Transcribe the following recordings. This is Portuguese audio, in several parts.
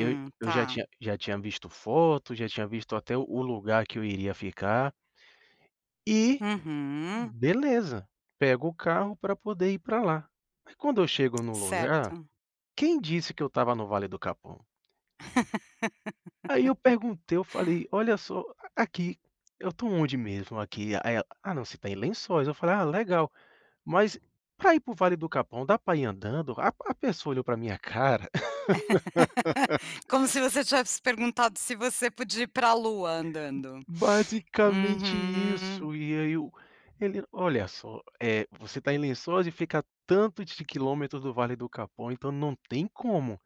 Eu eu já tá. tinha já tinha visto foto, já tinha visto até o o lugar que eu iria ficar e, Uhum. beleza, pego o carro pra poder ir pra lá. Mas quando eu chego no lugar, Certo. quem disse que eu estava no Vale do Capão? Aí eu perguntei, eu falei: "Olha só, a aqui, eu tô onde mesmo aqui?" A aí ela: "Ah não, você tá em Lençóis", eu falei: "Ah, legal. Mas pra ir para o Vale do Capão, dá pra ir andando?" A a pessoa olhou pra minha cara Como se você tivesse perguntado se você podia ir pra lua andando. Basicamente Uhum. isso e aí eu ele: "Olha só, eh, você tá em Lençóis e fica a tanto de quilômetros do Vale do Capão. Então não tem como".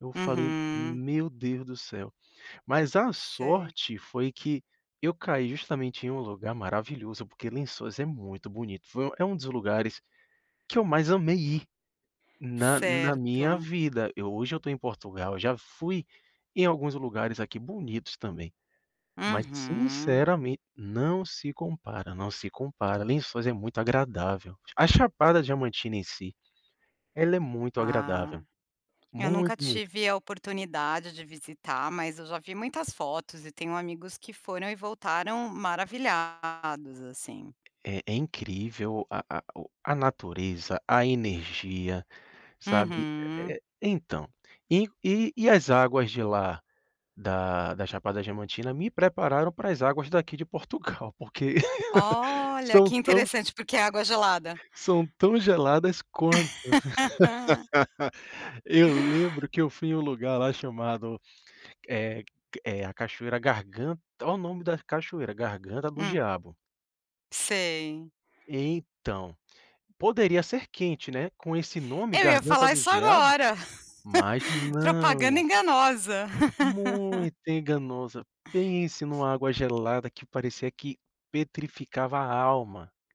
Eu falei: Uhum. "Meu Deus do céu". Mas a Sei. sorte foi que eu caí justamente em um lugar maravilhoso, porque Lençóis é muito bonito, foi é um dos lugares que eu mais amei ir, na na minha Certo. vida. Eu hoje eu tô em Portugal, eu já fui em alguns lugares aqui bonitos também. Mas Uhum. sinceramente não se compara, não se compara, Lençóis é muito agradável. A Chapada Diamantina em si, ela é muito Ah, agradável, eu muito, nunca muito. tive a oportunidade de visitar, mas eu já vi muitas fotos e tenho amigos que foram e voltaram maravilhados, assim. É é incrível a a o a natureza, a energia, sabe, é Uhum. é então, e e e as águas de lá da da Chapada Diamantina me prepararam para as águas daqui de Portugal porque Olha, que são tão interessante. Porque a água é gelada. são tão geladas quanto. Eu lembro que eu fui em um lugar lá chamado, eh, ca eh, a cachoeira gargan olha o nome da cachoeira, Garganta do Hum. Diabo. Sei. Então, poderia ser quente, né, com esse nome Eu ia Garganta falar do isso Diabo, agora, mas propaganda não enganosa. muito enganosa, pense em uma água gelada que parecia que petrificava a alma.